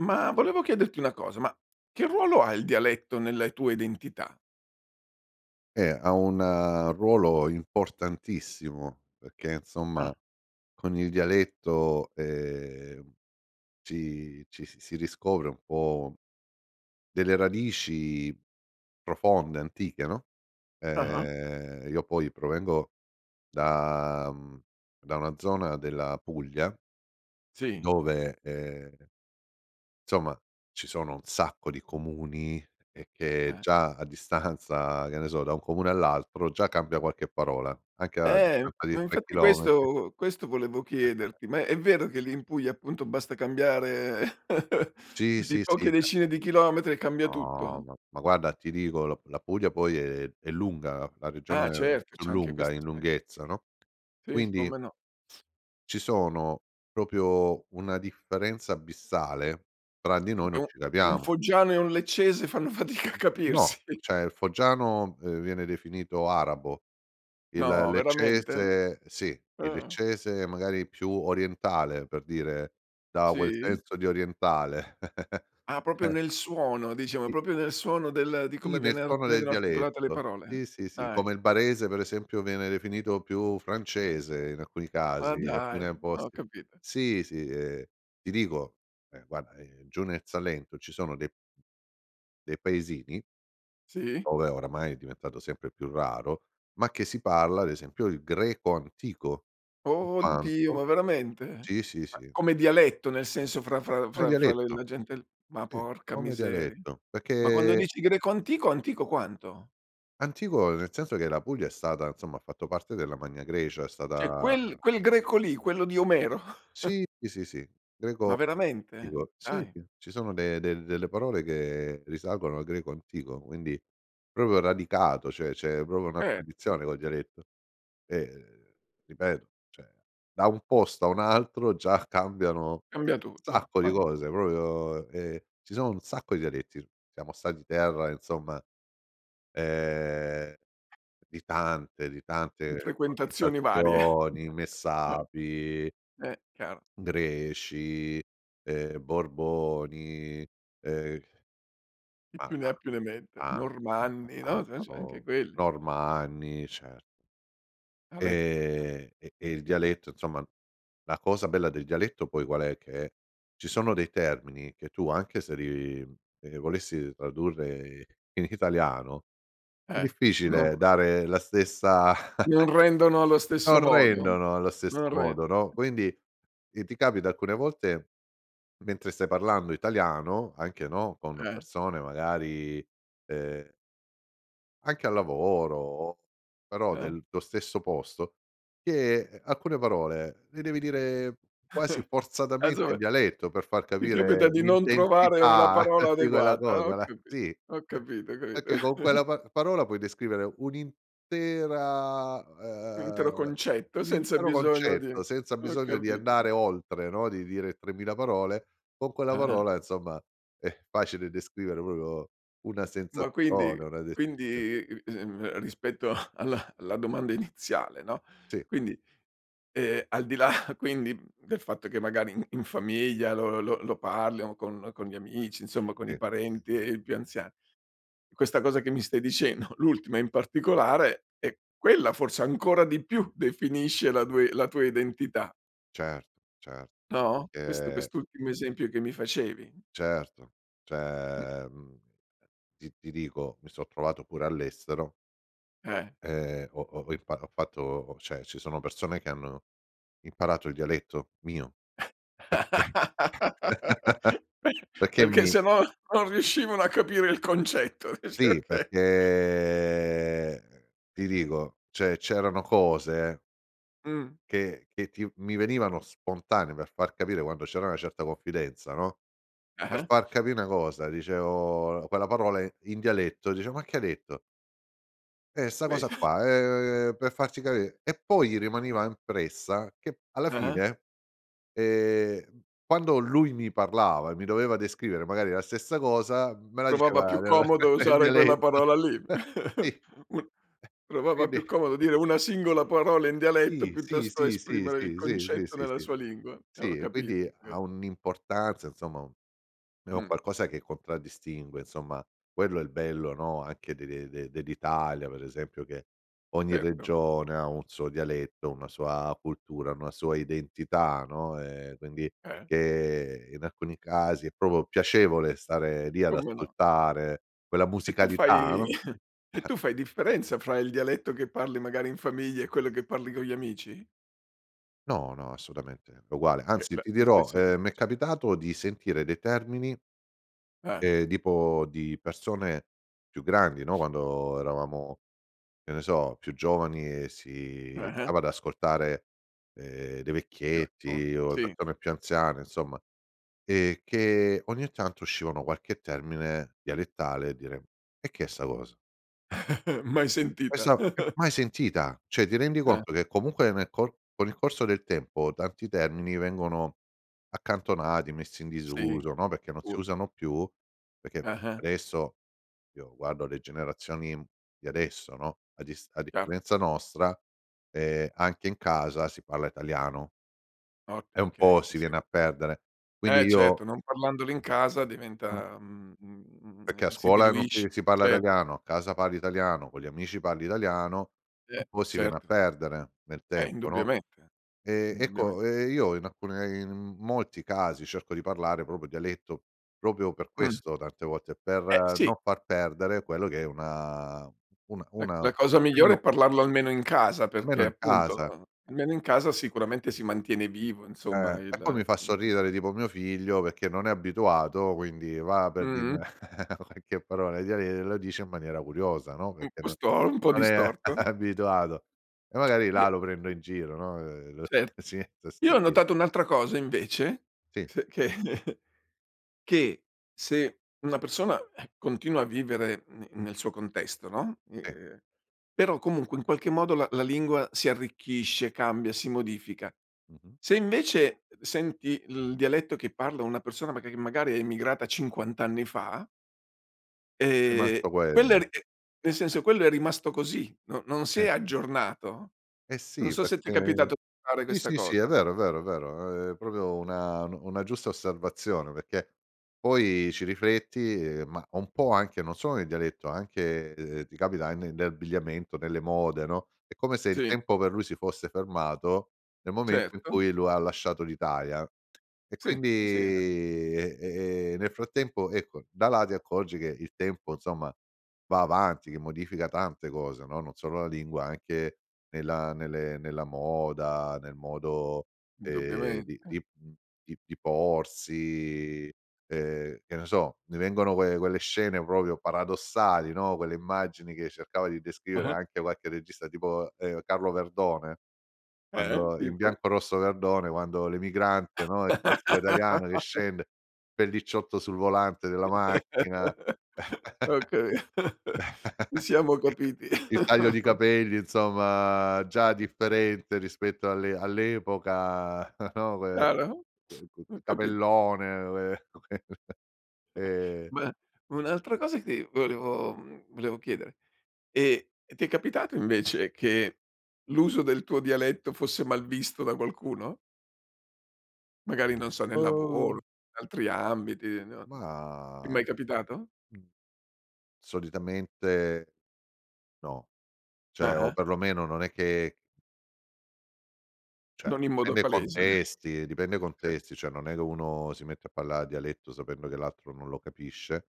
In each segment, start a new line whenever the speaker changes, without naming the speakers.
Ma volevo chiederti una cosa. Ma che ruolo ha il dialetto nelle tua identità?
Eh, ha un ruolo importantissimo perché, insomma,
Ah.
con il dialetto, ehm, ci ci si si riscopre un po' delle radici profonde, antiche, no,
Ah-ah.
ehm io poi provengo da mhmm, da una zona della Puglia
Sì.
dove, ehm insomma, ci sono un sacco di comuni, e che
Eh.
già a distanza che ne so, da un comune all'altro, già cambia qualche parola anche a
Eh,
distanza
ma
di 3
infatti
chilometri.
questo questo volevo chiederti, ma è vero che lì in Puglia, appunto, basta cambiare
Sì,
di
sì,
poche
sì, ca
decine di chilometri e cambia
No
tutto?
ma ma guarda ti dico la p la Puglia poi è è lunga, la
Ah,
regione
certo
più
c'è anche
lunga in
quest'aspe
lunghezza, no,
Sì
quindi
come no.
ci sono proprio una differenza abissale, tra di
In
noi non
più,
ci
un
capiamo.
foggiano e un leccese fanno fatica a
No,
capirsi.
o cioè il foggiano, ehm, viene definito arabo, il
No, veramente?
leccese sì il
Ah.
leccese magari più orientale, per dire, dà quel
Sì?
senso di orientale.
Ah, proprio nel suono, diciamo è
Sì.
proprio nel suono del di come
Sì nel
viene ar
tono del
vengono articolata le
dialetto.
parole?
Sì, sì, sì, come
Dai.
il barese per esempio viene definito più francese in alcuni
Ma
casi, in
dai,
alcune
ho
posti.
capito.
Sì, sì, ehm, ti dico, ehm, guarda, ehm, giù nel Salento ci sono dei dei paesini
Sì.
ove oramai è diventato sempre più raro, ma che si parla ad esempio il greco antico
Oddio
intanto
ma veramente?
sì, sì,
Ma
sì.
come dialetto nel senso fra fra
Come
fra fra le
dialetto,
la gente l ma
sì
porca
come
miseria.
dialetto
Ma quando
perché
dici greco antico, antico quanto?
Antico nel senso che la Puglia è stata insomma, ha fatto parte della Magna Grecia è
Cioè,
stata
quel quel greco lì, quello di Omero?
Sì, sì, sì, sì,
Ma
greco
veramente?
antico. Sì,
Dai.
sì, ci sono de del delle parole che risalgono al greco antico, quindi proprio radicato, cioè c'è proprio una
Eh.
tradizione col dialetto, e ripeto, cioè da un posto a un altro già cambiano
Cambia tutto,
sacco di
ma
cose proprio ehm, ci sono un sacco di dialetti s siamo stati terra insomma, ehm, di tante di
In
tante [unintelligible]
frequentazioni varie
Messapi
Eh, chiaro.
Greci, ehm, Borboni, ehm
Chi
ma
più ne
ta
ha più ne metta
tan [unintelligible] ma
Normanni, no c'è
tanta
c'è
pro
anche quelli.
Normanni cer
Alè.
Ehm, e e il dialetto, insomma la cosa bella del dialetto poi qual è? Che ci sono dei termini che tu anche se li, mhmm, ehm, volessi tradurre in italiano è
Eh, non
difficile
come
dare la stessa
Non rendono allo
non
stesso modo,
rendono allo stesso
non ren
modo, no, quindi, ehm, ti capita alcune volte mentre stai parlando italiano anche, no, con
Eh.
persone, magari, ehm anche al lavoro o però
Eh.
del tuo stesso posto, che, ehm, alcune parole le devi dire quasi forzatamente in
[unintelligible]
dialetto per far
Ti capita
capire
di non trovare una
l'intensità
parola
di quella
adeguata,
cosa
ho
la
capi
sì
ho capito, capito.
perché con quella pa parola puoi descrivere un'intera
Un intero
uhm,
concetto
un
senza
intero
bisogno di
concetto senza
ho
bisogno di
capito.
andare oltre, no, di dire 3000 parole, con quella
Ah-ah.
parola, insomma, è facile descrivere proprio una
Ma quindi
sensazione, una descrizio
quindi [unintelligible] ehm, rispetto a alla alla domanda iniziale, no,
Sì.
quindi, ehm, al di là quindi del fatto che magari in in famiglia lo lo lo parli o con con gli amici, insomma, con i
Sì.
parenti e e i più anzia questa cosa che mi stai dicendo, l'ultima in particolare, e quella forse ancora di più definisce la due la tua identità
Cert cer
No, questo
che
quest'ultimo esempio che mi facevi.
Certo.
Mh.
Cioè, mhmm, ti ti dico, mi so' trovato pure all'estero
Eh.
ehm, ho ho ho impa ho fatto ho cioè ci sono persone che hanno imparato il dialetto mio perché
Pe
perché
perché
mi
se no non riuscivano a capire il concetto dice
Sì,
oka
perché ti dico, cioè c'erano cose
Mh.
che che ti v mi venivano spontanee per far capire quando c'era una certa confidenza, no, per
Ah-ah.
far capi' 'na cosa dicevo l quella parola i in dialetto dice: "Ma che hai detto?" Eh, 'sta
Beh,
cosa
[unintelligible]
qua, ehm, per farci capi e poi gli rimaneva impressa che p alla
Ah-ah.
fine, ehm, quando lui mi parlava e mi doveva descrivere magari la stessa cosa, me la
Provava
diceva
più
nella
comodo
nel
usare quella
dialetto
parola lì.
sì.
Un provava
Quindi
più comodo dire una singola parola in dialetto
Sì, sì,
piuttosto
sì, sì,
esprimere il
sì, sì, sì,
concetto
sì,
nella
sì,
sua lingua, eh, ho
sì.
capito, ho
Quindi ha
capito.
un'importanza, insomma, u è un
Mh.
qualcosa che contraddistingue, insomma, quello è il bello, no, anche de de de dell'Italia, per esempio che ogni
Erto.
regione ha un suo dialetto, una sua cultura, una sua identità, no, ehm, quindi
Eh.
che in alcuni casi è proprio piacevole stare lì ad
Come no.
ascoltare quella
E tu fai
musicalità, no,
e tu fai differenza fra il dialetto che parli magari in famiglia, e quello che parli con gli amici?
No, no, assolutamente è uguale
Che
anzi,
la
ti
la
dirò,
stessa
ehm, mi è
tipologia.
capitato di sentire dei termini
Ah.
ehm, tipo di persone più grandi, no, quando eravamo, che ne so, più giovani e si stava
Ah-ah.
ad ascoltare, ehm, dei
Era con
vecchietti o le
sì.
persone più anziane, insomma, ehm, che ogni tanto uscivano qualche termine dialettale e dire: "E che è 'sta cosa?"
Mai sentita.
Esa che mai sentita, cioè ti rendi
Eh.
conto che comunque nel co con il corso del tempo tanti termini vengono accantonati, messi in
Sì,
disuso, no, perché non si
sicuro.
usano più perché
Ah-ah.
adesso io guardo le generazioni di adesso, no, a dis a
Chiaro.
differenza nostra, ehm, anche in casa si parla italiano.
Ot
E un po'
okay, ti
si viene
seguo.
a perdere, quindi
Eh,
io
certo, non parlandolo in casa
Mh-mh.
diventa, mhmm, mhmm, mhmm,
Perché a
ehm, si
scuola non si
diluisce,
si parla
cer
italiano, a casa parli italiano, con gli amici parli italiano, un
Eh,
po' si viene a
certo.
perdere nel
Eh,
tempo, no,
indubbiamente,
ehm
indubbiamente.
ecco, ehm, io in alcune in molti casi cerco di parlare proprio dialetto, proprio per
Mh.
questo tante volte: per
Eh, sì.
non far perdere quello che è una una
Eh,
una
la cosa migliore è
[unintelligible]
parlarlo almeno in casa,
Almeno
perché
in
appunto
casa.
almeno in casa sicuramente si mantiene vivo, insomma,
Eh, e
il,
poi
ehm,
mi fa
mhmm
sorridere
[unintelligible]
tipo mio figlio, perché non è abituato quindi va per
Mh-mh.
dirmi qualche parola in diale e la dice in maniera curiosa, no,
Un
perché
po'
no
sto un po'
non è
distorto.
abituato; e magari là
E
lo prendo in giro, no, ehm, lo
Cer
[unintelligible]
io ho
sentire.
notato un'altra cosa invece,
Sì.
s che che se una persona, eh, continua a vivere ne nel suo contesto, no, i
I
ehm, però comunque in qualche modo la la lingua si arricchisce, cambia, si modifica
Mh-mh.
se invece, senti il dialetto che parla una persona maga che magari è emigrata 50 anni fa ehm,
Rimasto
quella è
quello.
ri e nel senso, quello è rimasto così, no non si
Eh,
è
sì.
aggiornato,
Eh,
non
sì,
so se ti
perchè
capitato di fare
sì,
questa
sì, sì, è
cosa.
vero, è vero, è vero, è proprio una nu una giusta osservazione, perché poi ci rifletti e ma un po' anche, non sono nel dialetto, anche, ehm, ti capita ne ne abbigliamento, nelle mode, no, è come se il
Sì.
tempo per lui si fosse fermato nel momento in
Certo.
cui lu ha lasciato l'Italia, e
Sì.
quindi
Eh, sì, esa
e e e nel frattempo ecco, da là ti accorgi che il tempo, insomma, va avanti, che modifica tante cose, no, non solo la lingua, anche nella nelle nella moda, nel modo, ehm,
Indubbiamente.
di di mhmm, di di porsi, ehm, che ne so, ne vengono que quelle scene proprio paradossali, no, quelle immagini che cercava di descrivere
Ah-ah.
anche qualche regista tipo, ehm, Carlo Verdone
Eh?
quando in
Tipo?
"Bianco Rosso e Verdone" quando l'emigrante, no, il classico italiano che scende, pellicciotto sul volante della macchina,
Ho capito, ci siamo
il ta
capiti.
il taglio di capelli, insomma, già differente rispetto alle all'epoca, no, que
Chiaro?
quo
Ho capito che
capellone, ue ehm
Ma un'altra cosa che ti volevo mhmm, volevo chiedere: e e ti è capitato invece, che l'uso del tuo dialetto fosse malvisto da qualcuno? Magari, non so, nel lavoro,
Où!
altri ambiti, non ti è
Mah,
mai capitato?
solitamente no, cioè o
Ah-ah.
perlomeno non è che Cioè,
Non in modo
dipende i
palese.
contesti dipende i
Sì.
contesti, cioè non è che uno si mette a parlare dialetto sapendo che l'altro non lo capisce.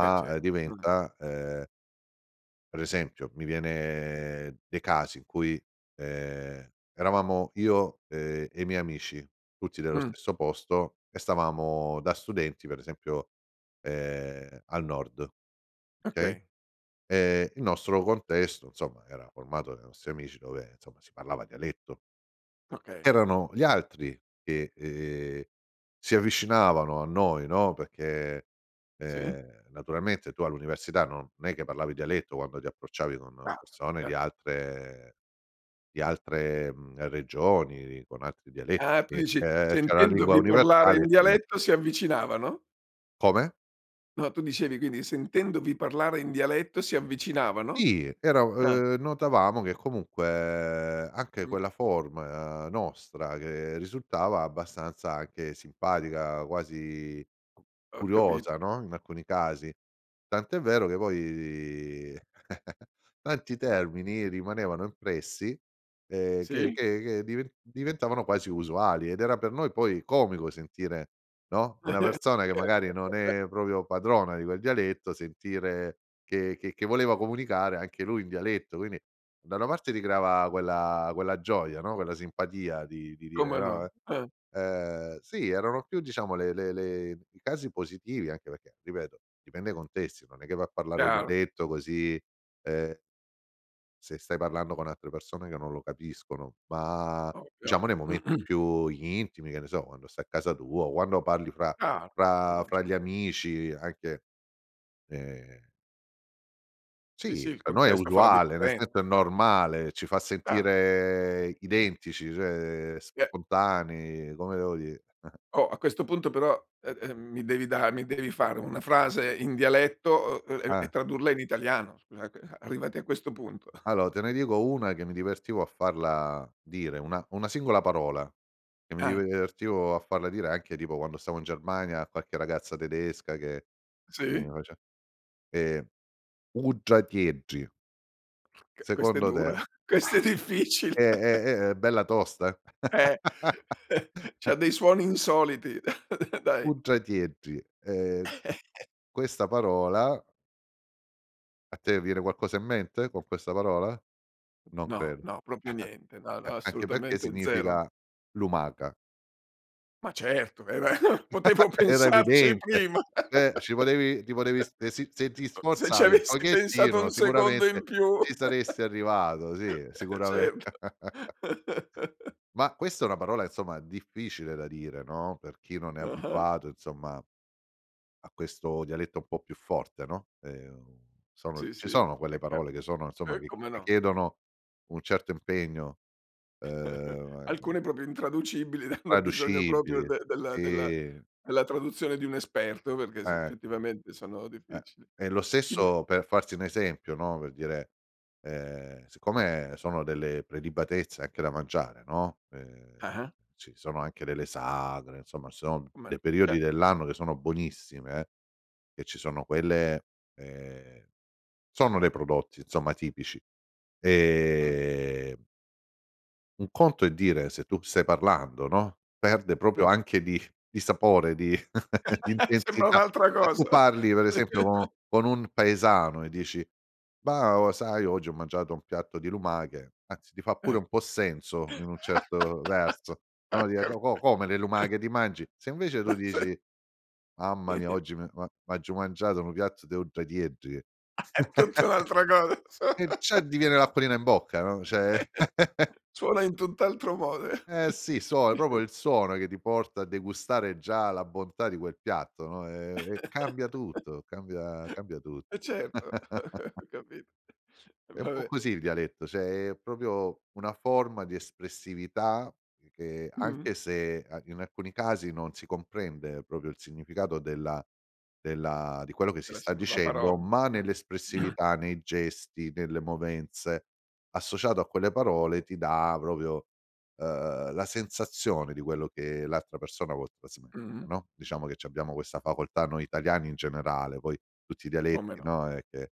Beh, ce
ehm,
[unintelligible]
diventa, ehm Per esempio, mi viene dei casi in cui, ehm, eravamo io, ehm, e i miei amici, tutti dello
Mh.
stesso posto e stavamo da studenti, per esempio, ehm, al nord, okay,
Okay.
ehm, il nostro contesto, insomma, era formato dai nostri amici dove, insomma, si parlava dialetto.
Okay.
Erano gli altri che, ehm, si avvicinavano a noi, no, perché,
Sì?
ehm, naturalmente tu all'università non è che parlavi dialetto quando ti approcciavi con
Parlano,
persone di
chiaro.
altre di altre, mhmm, regioni, con altri dialetti,
Ah, tu
che
dici:
te c'è la lingua
sentendovi parlare
universale e
in
prima
dialetto, si avvicinavano?
Come?
No, tu dicevi, quindi: sentendovi parlare in dialetto si avvicinavano?
Sì, era u
Ah.
ehm, notavamo che comunque anche
Mh.
quella forma nostra che risultava abbastanza anche simpatica, quasi
Ho
curiosa,
capito.
no, in alcuni casi. Tant'è vero che poi di tanti termini rimanevano impressi, ehm, che
Sì.
che che diven diventavano quasi usuali ed era per noi poi comico sentire, no, una persona che magari non è proprio padrona di quel dialetto sentire che che che voleva comunicare anche lui in dialetto. Quindi, da una parte ricreava quella quella gioia, no, quella simpatia di dire
Come
no, eh,
no, eh.
ehm, sì erano più diciamo le le le i casi positivi anche perché, ripeto, dipende i contesti non è che va a parlare
Chiaro.
dialetto così, ehm se stai parlando con altre persone che non lo capiscono, ma
Ovvio.
diciamo nei momenti più intimi, che ne so, quando stai a casa tua o quando parli fra
Chiaro, no,
fra
no
fra
cer
gli amici anche, ehm
Sì, sì,
Sì,
il
per noi è
contesto fa la
usuale, nel
differenza.
senso è
Ti fa
normale, ci fa
Chiaro.
sentire identici, cioè
Vi è
spontanei come devo di
Oh, a questo punto però, e ehm, mi devi da mi devi fare una frase in dialetto, o e e
Eh.
tradurla in italiano, scusa che arrivati a questo punto.
Allo te ne dico una che mi divertivo a farla dire, una una singola parola che mi
Ah.
divertivo a farla dire, anche tipo quando stavo in Germania a qualche ragazza tedesca che che mi
Sì?
face ehm, uddratieddri.
Che questa è
Secondo
dura,
te.
questa è
È
difficile!
è è è bella tosta.
Eh, c'ha dei suoni insoliti, dai.
Uddratieddri ehm, questa parola A te viene qualcosa in mente con questa parola? Non
No,
credo,
no, proprio niente, no,
eh,
no,
anche perché
assolutamente zero.
significa lumaca.
Ma certo, era potevo
Era
pensarci
evidente!
prima!
Eh! Ci volevi rivorevi de si se si se ti
[unintelligible] Se ci
sforzavi un
avessi pensato un
pochettino
secondo in
sicuramente ci
più
saresti arrivato, sì,
eh,
sicurame
certo.
Ma questa è una parola, insomma, difficile da dire, no, per chi non è
Ah-ah.
abituato, insomma a questo dialetto un po' più forte, no, ehm, u sono
Sì,
ci
sì,
sono quelle
è chiaro.
parole che sono insomma,
Uh,
che
come
ti
no.
chiedono un certo impegno, ehm, ma che
Alcune proprio intraducibili, hanno bisogno proprio
Intraducibili,
de della della
si.
della traduzione di un esperto perché, sì,
Eh.
effettivamente sono
Eh,
difficili.
e lo
Ti me
stesso per farti un esempio, no, per dire, ehm, siccome sono delle prelibatezze anche da mangiare, no, ehm,
Ah-ah.
ci sono anche delle sagre, insomma, ci sono
Uman
dei periodi
cer
dell'anno che sono buonissime e ci sono quelle ehm, sono dei prodotti insomma tipici.
Mh.
Ehm un conto è dire se tu stai parlando, no, perde proprio
Mh.
anche di di sapore di di
Sembra
intensità.
un'altra
Se tu
cosa!
parli, per esempio co con un paesano e dici: "Bah, o sai oggi ho mangiato un piatto di lumache," anzi ti fa pure
Eh,
un po' senso in un certo verso,
Ho
no, dire:
capi
"Co co come? Le lumache ti mangi?" Se invece
Ma
tu
sei
dici: "Mamma mia, oggi mi è u a m'aggiu mangiato nu piatto de uddratieddri"
È tutta un'altra cosa.
e già di viene l'acquolina in bocca, no, cioè
Suona in tutt'altro mode.
Eh, sì. Suo è proprio il suono che ti porta a degustare già la bontà di quel piatto, no, ehm, e cambia tutto, cambia cambia tu
Eh, certo, ho capito.
È un po'
Vabbè
così il dialetto, cioè è proprio una forma di espressività che
Mh-mh.
anche se an in alcuni casi non si comprende proprio il significato della della di quello che
È
si
la
sta
singola
dicendo,
parola,
ma
mh.
nell'espressività, nei gesti, nelle movenze, associato a quelle parole ti dà proprio uhm, la sensazione di quello che l'altra persona vuol trasmettere,
Mh-mh.
no, diciamo che c'abbiamo questa facoltà noi italiani in generale. Poi tutti i
Come
dialetti,
no.
no, ehm, che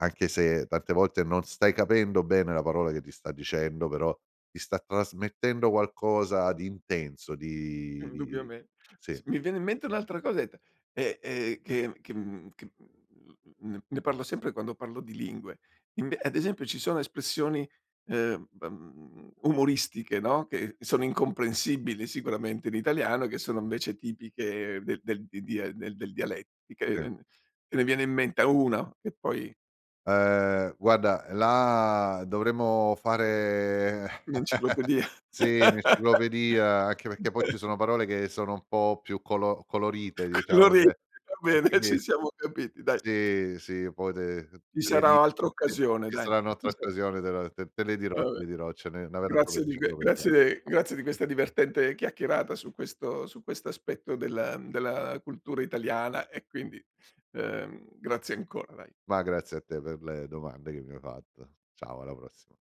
anche se tante volte non stai capendo bene la parola che ti sta dicendo, però ti sta trasmettendo qualcosa di intenso, di di i
Indubbiame
sì.
s mi viene in mente un'altra cosetta e, ehm, che che mhmm, che mhmm, n n ne parlo sempre quando parlo di lingue: ive ad esempio, ci sono espressioni, ehm, dam umoristiche, no, che sono incomprensibili sicuramente in italiano, che sono invece tipiche del del di dia e del del dialettiche,
I
e n te ne viene in menta 1 che poi
Ehm, guarda là dovremmo fare,
Un'enciclopedia.
sì, un' enciclopedia anche perché poi ci sono parole che sono un po' più colo colorite, diciamo, che
Coloriti!
e
Va bene, ci
quindi
siamo capiti dai.
Sì, sì, poi te
Ci
te le di
sarà altra
te
occasione
ce
dai.
sarà un'
Ti
altra
salu
occasione te la te te le
Va,
dirò, te
beh.
le dirò, ce n'è
Grazie di que grazie
[unintelligible]
grazie di questa divertente chiacchierata su questo su questo aspetto del ehm, della cultura Italiana e quindi, ehm, grazie ancora vai.
Ma grazie a te per le domande che mi hai fatto. Ciao, alla prossima.